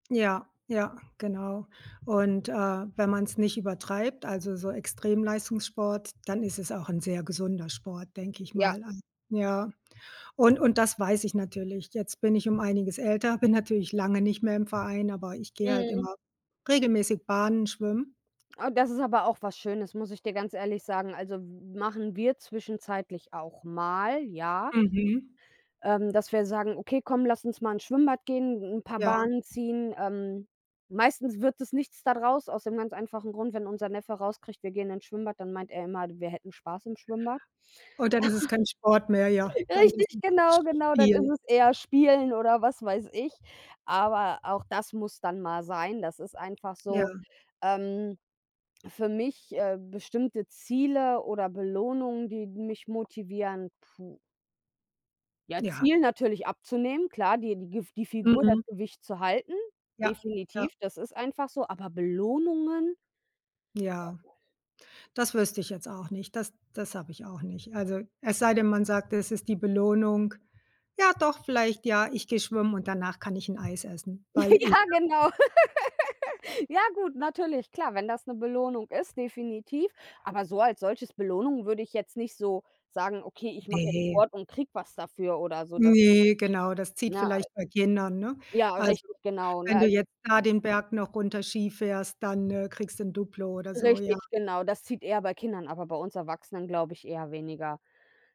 Ja, ja, genau, und, äh, wenn man's nicht übertreibt, also so Extremleistungssport, dann ist es auch 'n sehr gesunder Sport, denke ich Ja. mal an ja, und und das weiß ich natürlich. Jetzt bin ich um einiges älter, bin natürlich lange nicht mehr im Verein, aber ich gehe halt Mhm. immer regelmäßig Bahnen schwimmen. Ah, das ist aber auch was Schönes, muss ich dir ganz ehrlich sagen. Also m machen wir zwischenzeitlich auch mal, ja Mhm. ähm, dass wir sagen: „Okay, komm, lass uns mal ins Schwimmbad gehen, 'n paar Ja. Bahnen ziehen.“ Ähm, meistens wird es nichts da draus, aus dem ganz einfachen Grund, wenn unser Neffe raus kriegt, wir gehen ins Schwimmbad, dann meint er immer, wir hätten Spaß im Schwimmbad. Und dann ist es kein Sport mehr, ja, dann ist Richtig, es Sch genau, genau. Dann ist Spiel. es eher spielen oder was weiß ich. Aber auch das muss dann mal sein. Das ist einfach Ja. so, ähm, für mich, äh, bestimmte Ziele oder Belohnungen, die mich motivieren puh. Ja, Ja. Ziel natürlich abzunehmen. Klar, die die Gif die Figur, das Mhm. Gewicht zu halten. Ja, ja. Definitiv, das ist einfach so. Aber Belohnungen? Ja. Das wüsste ich jetzt auch nicht. Das das habe ich auch nicht. Also es sei denn, man sagt, das ist die Belohnung. Ja doch, vielleicht ja, ich gehe schwimmen und danach kann ich 'n Eis essen, weil ich Ja, genau. Ja gut, natürlich. Klar, wenn das 'ne Belohnung ist, definitiv. Aber so als solches Belohnung würde ich jetzt nicht so sagen: „Okay, ich mache jetzt Ne. Sport und kriege was dafür“, oder so. Das Ne, genau, das zieht Ne? vielleicht bei Kindern, ne? Ja, Also, richtig, genau, ne, wenn du also jetzt da den Berg noch runter Ski fährst, dann, äh, kriegst du 'n Duplo oder so, ja. Richtig, genau. Das zieht eher bei Kindern, aber bei uns Erwachsenen, glaube ich eher weniger.